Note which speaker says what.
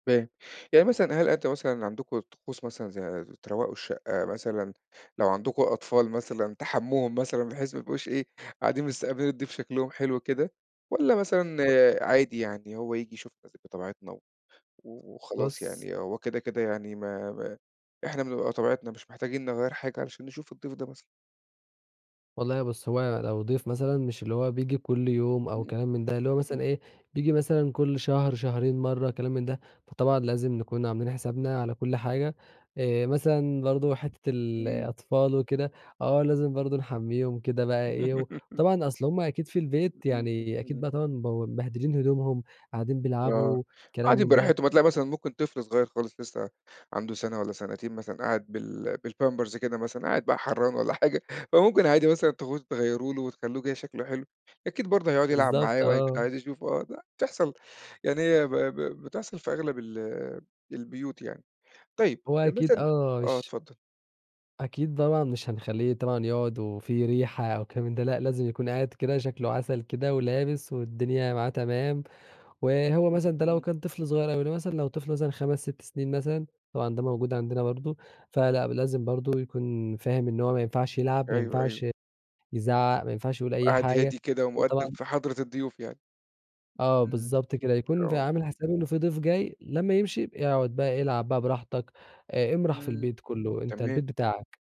Speaker 1: فاهم، يعني مثلًا هل أنت مثلًا عندكم طقوس مثلًا زي ز تروّقوا الشقة مثلًا، لو عندكم أطفال مثلًا تحمّوهم مثلًا بحيث ما يبقوش إيه، قاعدين مستقبِلين الضيف شكلُهم حلو كده والّا مثلًا
Speaker 2: أ
Speaker 1: عادي يعني، هو ييجي يشوف مثلًا بطبيعتنا و وخلاص
Speaker 2: بُصّ.
Speaker 1: يعني، هو كده، كده يعني ما ما إحنا بنبقى بطبيعتنا، مش محتاجين نغيّر حاجة علشان نشوف الضيف ده مثلًا؟
Speaker 2: والله بُصّ، هو أنا لو ضيف مثلًا مش اللي هو بييجي كلّ يوم أو
Speaker 1: إمم.
Speaker 2: كلام من ده، اللي هو مثلًا
Speaker 1: إمم.
Speaker 2: إيه، بييجي مثلًا كلّ شهر، شهرين مرّة، كلام من ده، فطبعًا لازم نكون عاملين حسابنا على كل حاجة. آآ، مثلًا برضه حِتّة
Speaker 1: إمم.
Speaker 2: الأطفال وكده، آه، لازم برضه نحمّيهم كده بقى إيه و وطبعًا، أصْل هُم أكيد في البيت يعني، أكيد
Speaker 1: [unintelligible]
Speaker 2: بقى طبعًا مبو مبهدلين هدومهم، قاعدين
Speaker 1: آه،
Speaker 2: بيلعبوا، كلام
Speaker 1: قاعدين
Speaker 2: من ده.
Speaker 1: براحتهم، هتلاقي مثلًا ممكن طفل صغيّر خالص لسه عَنده سَنة والّا سنتين مثلًا، قاعد بال بالpampers كده مثلًا، قاعد بقى حرّان والّا حاجة، فممكن عادي مثلًا تاخدوه تغيّروا له وتخلّوه كده شكْله حلو، أكيد برضه هيقعُد يلعب
Speaker 2: بالضبط،
Speaker 1: معاه وهيكون
Speaker 2: آه.
Speaker 1: عايز يشوفه أ د بتحصَل يعني هي ب ب بتحصَل في أغلب ال البيوت يعني. طيب
Speaker 2: هو
Speaker 1: أ
Speaker 2: أكيد
Speaker 1: مثلًا
Speaker 2: آه،
Speaker 1: آه،
Speaker 2: مش
Speaker 1: اتفضّل.
Speaker 2: أكيد طبعًا مش هنخلّيه طبعًا يقعُد وفي ريحة أو كلام من ده، لأ لازم يكون قاعد كده شكْله عسل كده ولابس والدنيا معاه تمام. وهو
Speaker 1: إمم،
Speaker 2: مثلًا ده لو
Speaker 1: إمم.
Speaker 2: كان طفل صغيّر أو لو مثلًا لو طفل مثلًا 5، 6 سنين مثلًا، طبعًا ده موجود عندنا برضه، فلأ، ب لازم برضه يكون فاهم إن هو ما ينفعش يلعب، ما
Speaker 1: أيوه، أيوه.
Speaker 2: ينفعش يزعّق، ما ينفعش يقول أي
Speaker 1: قاعد
Speaker 2: حاجة،
Speaker 1: هادي كده
Speaker 2: يكون
Speaker 1: ومؤدَّب
Speaker 2: طبعًا
Speaker 1: في حضْرة الضيوف يعني.
Speaker 2: آه
Speaker 1: إمم.
Speaker 2: بالضبط كده، يكون في
Speaker 1: آه.
Speaker 2: عامِل حسابه إن في ضيف جاي، لمّا يمشي يبقى يقعُد بقى يلعب بقى براحتك آآ، امرَح في
Speaker 1: إمم.
Speaker 2: البيت كلّه، أنت
Speaker 1: تمام.
Speaker 2: البيت بتاعك.